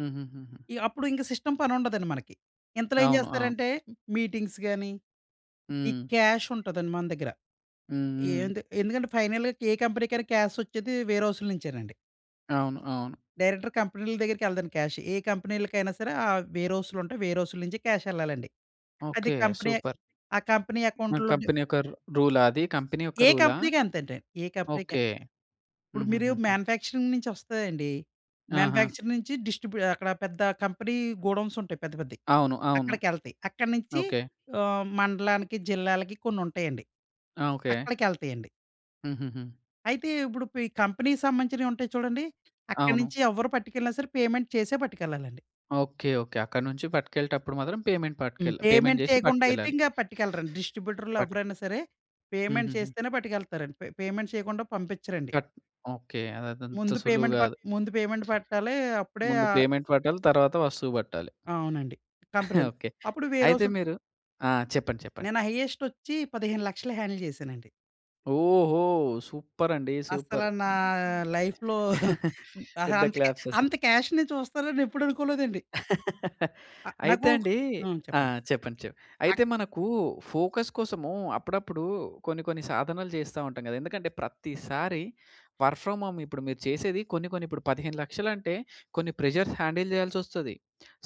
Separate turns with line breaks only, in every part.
హుహుహుహు.
ఈ అప్పుడు ఇంక సిస్టమ్ పనుండదండి మనకి. ఇంతలో ఏం
అవును. ఆ!
చేస్తారంటే మీటింగ్స్ గానీ, ఈ
హ్మ్.
క్యాష్ ఉంటదండి మన దగ్గర.
హ్మ్, హ్మ్.
ఏంతి ఎందుకంటే ఫైనల్‌గా కే కంపెనీకైనా క్యాసొచ్చేది వే‌ర్ హౌస్‌లు నుంచే‌నండి.
అవును, అవును.
డైరెక్టర్ కంపెనీల దగ్గరికెళ్ళదండి క్యాష్. ఏ కంపెనీలకైనా సరే, ఆ వే‌ర్ హౌస్‌లుంటయి. వే‌‌ర్ హౌస్‌లు నుంచి క్యాషెళ్ళాలండి. అది
ఓకే.
Company
super.
ఆ కంపెనీ
మన
అకౌంట్‌‌లులో డి
కంపెనీ యొక్క ర్ రూలా అది కంపెనీ యొక్క
ఏ
రూలా?
కంపెనీకి అం‌తంటే, ఏ కంపెనీకైన
ఓకే.
ఇప్పుడు మీరు
హుహుహుహు.
మాన్యుఫ్యాక్చరింగ్ నించి వస్తాయండి.
ఆహా!
మాన్యుఫ్యాక్చరింగ్ నించి డిస్ట్రిబ్యూ అక్కడ పెద్ద కంపెనీ గోడౌన్స్ ఉంటాయి. పెద్ద పెద్దయి.
అవును, అవును.
అక్కడికెళ్తాయి. అక్కడి నించి
ఓకే.
ఆహ్, మండలానికి, జిల్లాలకి కొన్నుంటాయండి.
ఆ! ఓకే.
అక్కడికెళ్తాయండి.
హుహుహు.
అయితే ఇప్పుడు పి కంపెనీకి సంబంధించినవి ఉంటాయి చూడండి. అక్కడి
అవును.
నించి ఎవ్వరు పట్టుకెళ్ళినా సరే పేమెంట్ చేసే పట్టుకెళ్ళాలండి.
ఓకే. ఓకే. అక్కడినుంచి పట్టుకెళ్ళేటప్పుడు మాత్రం పేమెంట్
హ్మ్.
పట్టుకెల్ పేమెంట్
పేమెంట్
జేసి
చేయకుండా అయితే
పట్టుకెళ్ళాలి.
ఇంక పట్టుకెళ్ళరండి. డిస్ట్రిబ్యూటర్‌లు
పట్క్
ఎవరైనా సరే, పేమెంట్
హుహుహు.
చేస్తేనే పట్టుకెళ్తారండి. పే పేమెంట్ చేయకుండా పంపిచ్చరండి.
జట్ ఓకే. అదదంత
ముందు
సులువు
పేమెంట్ ప
గాదు.
ముందు పేమెంట్ పెట్టాలి. అప్పుడే
ముందు
ఆహ్
పేమెంట్ పట్టాలి. తరువాత వస్తువు పట్టాలి.
అవునండి. కంప్రె
ఓకే.
అప్పుడు వేర్
అయితే
హౌసులు
మీరు ఆ! చెప్పండి. చెప్పండి.
నేను హైయెస్ట్ ఒచ్చి 1500000 హ్యాండిల్ చేశానండి.
ఓహో! సూపర్ అండి.
అస్సల
సూపర్.
నా లైఫ్‌లో అహా,
పెద్ద
అంత కె
క్లాప్స్
అంత
అసలు.
క్యాష్‌ని చూస్తాననెప్పుడనుకోలేదండి. ఆ!
అయితే
నాకు
అండి
హ్మ్.
ఆ!
చెప్పండి.
చెప్పండి. చె
అ
అయితే మనకు ఫోకస్ కోసము అప్పుడప్పుడు కొన్ని కొన్ని సాధనలు జేస్తా ఉంటాం గదా. ఎందుకంటే ప్రత్తిసారి వర్క్ ఫ్రామ్ హోమ్. ఇప్పుడు మీరు చేసేది కొన్ని కొన్ని ఇప్పుడు 1500000 అంటే కొన్ని ప్రెషర్స్ హ్యాండిల్ చేయాల్సొస్తది.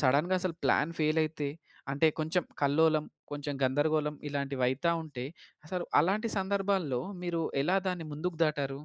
సడన్‌గా అసలు ప్లాన్ ఫెయిల్ అయితే, అంటే కొంచెం కల్లోలం, కొంచెం గందరగోళం ఇలాంటివైతా ఉంటే అసలు అలాంటి సందర్భాల్లో మీరు ఎలా దాన్ని ముందుకు దాటారు?